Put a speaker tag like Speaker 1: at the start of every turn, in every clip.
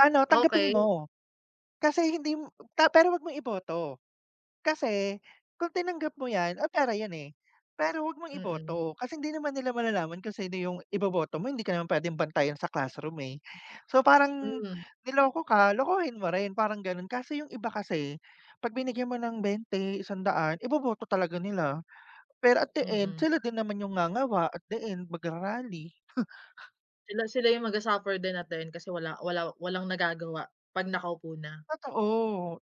Speaker 1: Ano tanggapin
Speaker 2: Okey.
Speaker 1: mo, kasi hindim ta pero 'wag mong iboto. Kasi kung tinanggap mo 'yan ay pera 'yan eh, pero huwag mong
Speaker 2: Mm.
Speaker 1: iboto kasi hindi naman nila malalaman kung sino yung iboboto mo hindi ka naman pwedeng bantayan sa classroom eh. So parang
Speaker 2: Hmm.
Speaker 1: niloko ka, lokohin mo rin parang ganon kaso yung iba kasi, 'pag binigyan mo ng bente isang daan iboboto talaga nila. Pero at the end
Speaker 2: Mm.
Speaker 1: sila din naman yung ngangawa at the end magra-rally.
Speaker 2: Sila sila yung magsa-suffer din at the end kasi wala wala walang nagagawa, 'pag nakaupo na.
Speaker 1: Totoo,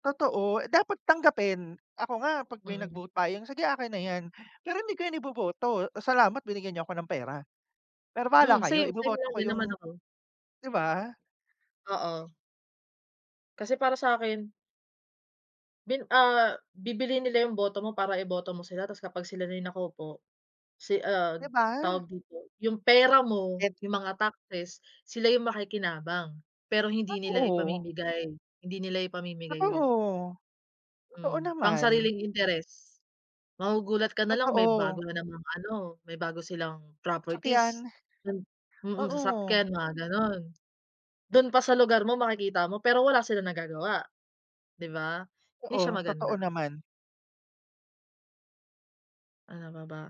Speaker 1: totoo dapat tanggapin, ako nga 'pag may
Speaker 2: Mm.
Speaker 1: nag-vote buying, sige akin na 'yan, pero hindi ko yun iboboto. Salamat binigyan niyo 'ko ng pera, pero bahala
Speaker 2: Hmm,
Speaker 1: kayo
Speaker 2: same same
Speaker 1: iboboto
Speaker 2: lang
Speaker 1: ko
Speaker 2: din
Speaker 1: yung
Speaker 2: naman ako.
Speaker 1: 'di ba?
Speaker 2: Oo. Kasi para sa'kin Bin ah, bibilhin nila yung boto mo para iboto mo sila, tas kapag sila na yung nakaupo, si ah,
Speaker 1: Di ba?
Speaker 2: tawag dito yung pera mo,
Speaker 1: And
Speaker 2: yung mga taxes, sila yung makikinabang, pero hindi nila
Speaker 1: Totoo.
Speaker 2: ipamimigay, hindi nila ipamimigay yun.
Speaker 1: Totoo, totoo
Speaker 2: Hmm,
Speaker 1: naman.
Speaker 2: pangsariling interes, magugulat ka nalang may bago
Speaker 1: Totoo.
Speaker 2: na namang ano, may bago silang
Speaker 1: Sasakyan,
Speaker 2: properties. Mm. Mm,
Speaker 1: oo.
Speaker 2: sasakyan mga ganon, dun pa sa lugar mo makikita mo pero wala silang nagagawa, 'di ba? 'Di siya
Speaker 1: Oo, totoo
Speaker 2: maganda.
Speaker 1: naman.
Speaker 2: Ano pa ba?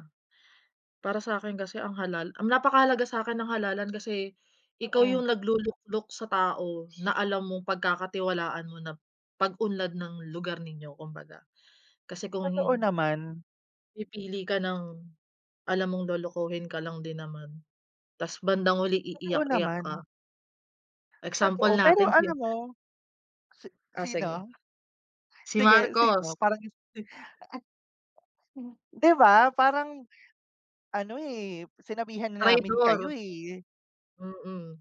Speaker 2: Para sa'kin kasi ang halal ang napakahalaga sa'kin ang halalan kasi, ikaw
Speaker 1: Mm.
Speaker 2: yung nagluluklok sa tao na alam mong pagkakatiwalaan mo na pag-unlad ng lugar ninyo kumbaga, kasi kung
Speaker 1: Totoo
Speaker 2: hin
Speaker 1: naman.
Speaker 2: Pipili ka ng, alam mong lolokohin ka lang din naman, tas bandang huli
Speaker 1: Totoo
Speaker 2: iiyak-iyak ka.
Speaker 1: naman.
Speaker 2: Example
Speaker 1: Totoo pero
Speaker 2: natin si
Speaker 1: alam mo, si
Speaker 2: Oh sige.
Speaker 1: sino?
Speaker 2: Si
Speaker 1: Sige
Speaker 2: Marcos.
Speaker 1: sino parang Sino? Di ba, parang ano eh sinabihan na namin kayo
Speaker 2: Traydor.
Speaker 1: eh.
Speaker 2: Mm.